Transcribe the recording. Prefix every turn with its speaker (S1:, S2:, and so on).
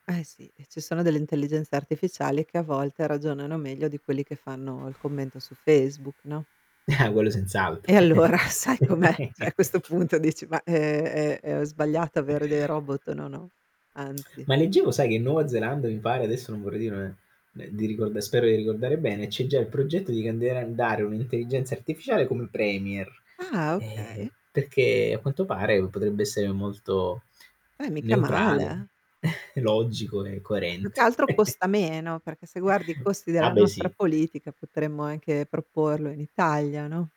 S1: Eh sì, e ci sono delle intelligenze artificiali che a volte ragionano meglio di quelli che fanno il commento su Facebook, no?
S2: Eh, quello senz'altro.
S1: E allora sai com'è? Cioè a questo punto dici, ma ehm ehm ho sbagliato avere dei robot? No no, anzi.
S2: Ma leggevo, sai, che in Nuova Zelanda mi pare, adesso non vorrei dire ne ne di ricord spero di ricordare bene, c'è già il progetto di candidare un'intelligenza artificiale come premier.
S1: Ah,
S2: Eh,
S1: okay.
S2: perché a quanto pare, potrebbe essere molto
S1: Beh, mica male
S2: neutrale,
S1: eh.
S2: logico e
S1: Più
S2: coerente.
S1: che altro costa meno, perché se guardi i costi
S2: Ah
S1: della
S2: beh,
S1: nostra
S2: sì.
S1: politica potremmo anche proporlo in Italia, no?